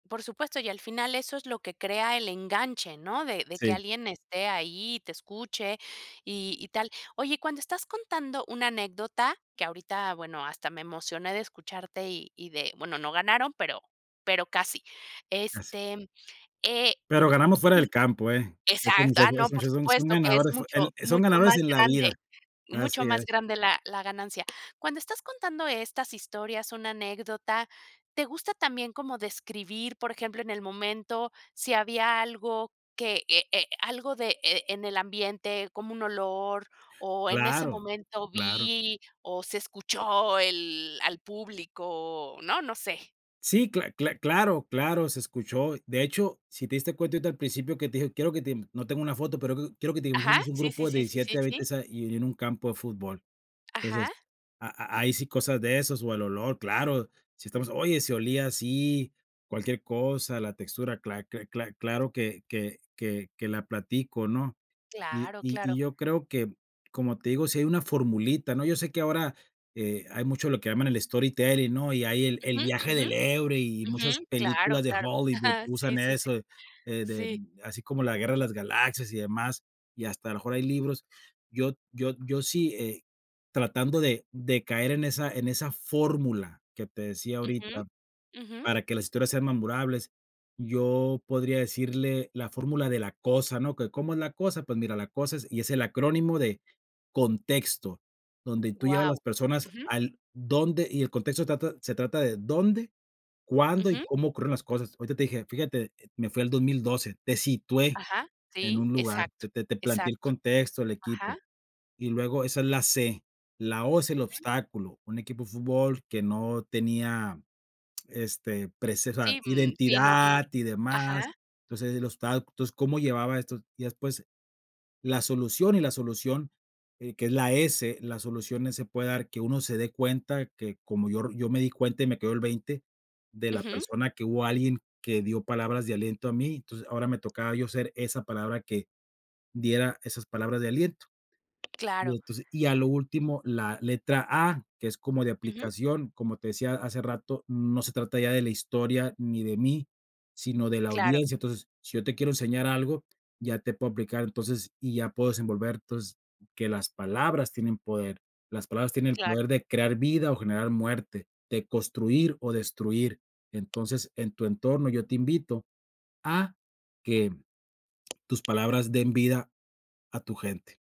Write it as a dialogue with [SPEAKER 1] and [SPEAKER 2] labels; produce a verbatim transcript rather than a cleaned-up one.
[SPEAKER 1] Por supuesto, y al final, eso es lo que crea el enganche, ¿no? De de que
[SPEAKER 2] Sí.
[SPEAKER 1] alguien esté ahí y te escuche y y tal. Oye, cuando estás contando una anécdota que ahorita, bueno, hasta me emocioné de escucharte y y de bueno, no ganaron, pero pero casi.
[SPEAKER 2] Has
[SPEAKER 1] Este, eh
[SPEAKER 2] Pero ganamos fuera del campo, ¿eh?
[SPEAKER 1] Sí,
[SPEAKER 2] Esos
[SPEAKER 1] exacto ah,
[SPEAKER 2] muchachos
[SPEAKER 1] no,
[SPEAKER 2] esos
[SPEAKER 1] por
[SPEAKER 2] muchachos son son
[SPEAKER 1] supuesto que es
[SPEAKER 2] ganadores fue
[SPEAKER 1] mucho
[SPEAKER 2] el son
[SPEAKER 1] mucho
[SPEAKER 2] ganadores
[SPEAKER 1] más
[SPEAKER 2] en la
[SPEAKER 1] grande,
[SPEAKER 2] vida.
[SPEAKER 1] mucho
[SPEAKER 2] Así
[SPEAKER 1] más
[SPEAKER 2] es.
[SPEAKER 1] grande la la ganancia. Cuando estás contando estas historias, una anécdota, ¿te gusta también como describir, por ejemplo, en el momento si había algo que, eh eh, algo de, eh, eh, en el ambiente como un olor? ¿O en ese
[SPEAKER 2] Claro,
[SPEAKER 1] momento
[SPEAKER 2] claro.
[SPEAKER 1] vi o se escuchó el al público, no? No sé.
[SPEAKER 2] Sí cla cla claro claro, se escuchó. De hecho, si te diste cuenta, ahorita al principio que te dije: "Quiero que te no tengo una foto pero q quiero que te
[SPEAKER 1] Ajá,
[SPEAKER 2] imagines un
[SPEAKER 1] sí,
[SPEAKER 2] grupo
[SPEAKER 1] sí,
[SPEAKER 2] de
[SPEAKER 1] sí, sí, sí,
[SPEAKER 2] diecisiete a
[SPEAKER 1] sí.
[SPEAKER 2] veinte sa y en en un campo de fútbol". Entonces,
[SPEAKER 1] Ajá.
[SPEAKER 2] ha ha hay sí cosas de esos o el olor, claro, si estamos: "Oye, se olía así". Cualquier cosa, la textura, cla cla cla claro que que que que la platico, ¿no? Y
[SPEAKER 1] Claro,
[SPEAKER 2] y y
[SPEAKER 1] claro.
[SPEAKER 2] yo creo que, como te digo, sí hay una formulita, ¿no? Yo sé que ahora, eh, hay mucho lo que llaman el storytelling, ¿no? Y hay el el
[SPEAKER 1] Ujú,
[SPEAKER 2] viaje
[SPEAKER 1] ujú.
[SPEAKER 2] del héroe y
[SPEAKER 1] Ujú,
[SPEAKER 2] muchas
[SPEAKER 1] claro,
[SPEAKER 2] películas de
[SPEAKER 1] claro.
[SPEAKER 2] Hollywood usan
[SPEAKER 1] Sí, sí, sí.
[SPEAKER 2] eso, eh, de
[SPEAKER 1] Sí.
[SPEAKER 2] así como la Guerra de las Galaxias y demás, y hasta a lo mejor hay libros. Yo yo yo sí, eh, tratando de de caer en esa en esa fórmula que te decía
[SPEAKER 1] Ujú.
[SPEAKER 2] ahorita
[SPEAKER 1] Ujú.
[SPEAKER 2] para que las historias sean memorables, yo podría decirle la fórmula de la cosa, ¿no? ¿Que cómo es la cosa? Pues, mira, la cosa es y es el acrónimo de contexto, donde tú llevas las
[SPEAKER 1] Wao.
[SPEAKER 2] personas
[SPEAKER 1] Ujú.
[SPEAKER 2] al dónde, y el contexto trata se trata de dónde, cuándo y
[SPEAKER 1] Ujú.
[SPEAKER 2] cómo ocurrieron las cosas. Ahorita te dije fíjate, me fui al dos mil doce, te situé
[SPEAKER 1] Ajá.
[SPEAKER 2] en
[SPEAKER 1] Sí,
[SPEAKER 2] un lugar, te
[SPEAKER 1] exacto.
[SPEAKER 2] te te planteé el
[SPEAKER 1] Exacto.
[SPEAKER 2] contexto, el equipo.
[SPEAKER 1] Ajá.
[SPEAKER 2] Y luego esa es la ce. La o es el
[SPEAKER 1] Ujú.
[SPEAKER 2] obstáculo. Un equipo de fútbol que no tenía, este, prece o sea,
[SPEAKER 1] Sí, mm, sí, no, no.
[SPEAKER 2] identidad y demás.
[SPEAKER 1] Ajá.
[SPEAKER 2] Entonces, el obsta entonces, cómo llevaba estos. Y después la solución, y la solución, eh, que es la ese la solución se puede dar que uno se dé cuenta que como yo ri yo me di cuenta y me quedó el veinte de la
[SPEAKER 1] Ujú.
[SPEAKER 2] persona que hubo, alguien que dio palabras de aliento a mí, entonces, ahora me tocaba yo ser esa palabra que diera esas palabras de aliento. Y
[SPEAKER 1] Claro.
[SPEAKER 2] entonces y, a lo último, la letra a que es como de
[SPEAKER 1] Ujú.
[SPEAKER 2] aplicación, como te decía hace rato: "No se trata ya de la historia ni de mí, sino de la
[SPEAKER 1] Claro.
[SPEAKER 2] audiencia". Entonces, si yo te quiero enseñar algo, ya te puedo aplicar entonces, y ya puedo desenvolver, entonces, que las palabras tienen poder. Las palabras tienen el
[SPEAKER 1] Claro.
[SPEAKER 2] poder de crear vida o generar muerte, de construir o destruir. Entonces, en tu entorno, yo te invito a que tus palabras den vida a tu gente.